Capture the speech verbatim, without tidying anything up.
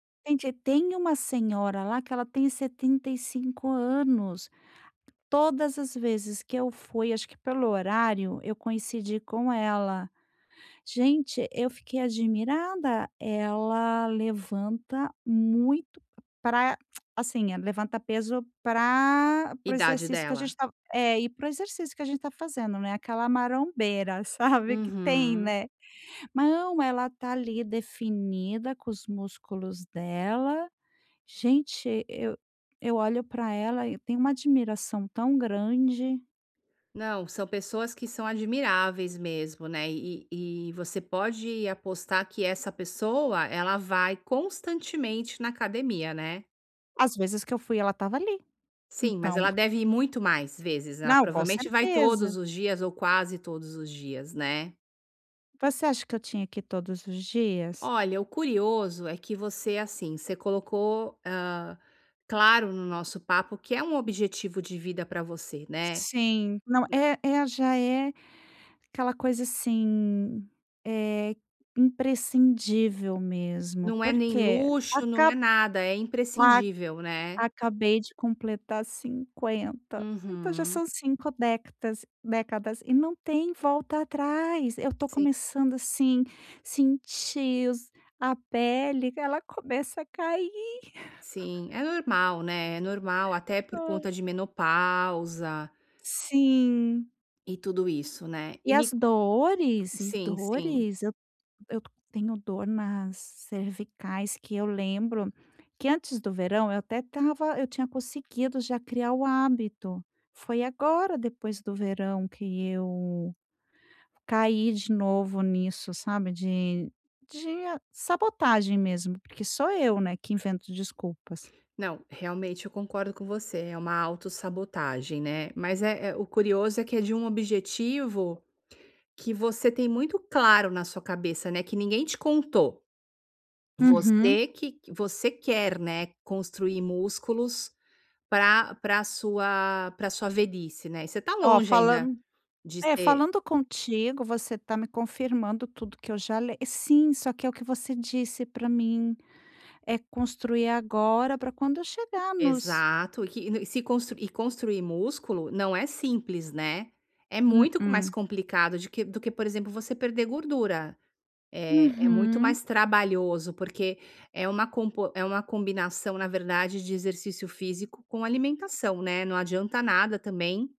Gente, tem uma senhora lá que ela tem setenta e cinco anos, todas as vezes que eu fui, acho que pelo horário, eu coincidi com ela. Gente, eu fiquei admirada, ela levanta muito pra, assim, eh, levanta peso pra para o Idade exercício que a dela? gente tá é, e para o exercício que a gente tá fazendo né, aquela marombeira, sabe, que tem, Uhum. né. Não, ela está ali, definida com os músculos dela. Gente, eu eu olho pra ela e eu tenho uma admiração tão grande. Não, são pessoas que são admiráveis mesmo, né. E e e você pode apostar que essa pessoa, ela vai constantemente na academia, né. Às vezes que eu fui ela estava ali, Sim, mas então ela deve ir muito mais vezes, né. Não, com Provavelmente vai todos certeza. os dias ou quase todos os dias, né. Você acha que eu tinha que ir todos os dias? Olha, o curioso é que você, assim, você colocou, hã, claro no nosso papo, que é um objetivo de vida pra você, né, Sim. Não, nã é é já é aquela coisa, assim, eh, imprescindível mesmo, Não é nem porque luxo, não é acab nada. É a imprescindível, né. acabei de completar cinquenta, então já Uhum. são cinco décatas décadas e não tem volta atrás. Eu estou Sim. começando, assim, sentir os a pele, que ela começa a cair. Sim, é normal, né. É normal, até por Hã. conta de menopausa Sim. e tudo isso, né. E E me as c dores? E sim, sim. dores eu t eu tenho dor nas cervicais que eu lembro que antes do verão eu até estava eu tinha conseguido já criar o hábito. Foi agora depois do verão que eu caí de novo nisso, sabe, de de sabotagem mesmo, porque sou eu, né, que invento desculpas. Não, realmente eu concordo com você, é uma autossabotagem, né, mas é é o curioso é que é de um objetivo que você tem muito claro na sua cabeça, né, que ninguém te contou, Uhum. você que q você quer, né, construir músculos pra pra sua pra sua velhice, né. E você tá Ó, longe ainda falan de É, ser falando contigo, você está me confirmando tudo que eu já le sim, só que é o que você disse pra mim, é construir agora pra quando eu chegar nos Exato, e que e se constru e construir músculo não é simples, né, é muito co mais Mm-mm. complicado de que do que, por exemplo, você perder gordura. Eh, é muito Uhum. mais trabalhoso, porque é uma compo é uma combinação, na verdade, de exercício físico com alimentação, né. Não adianta nada também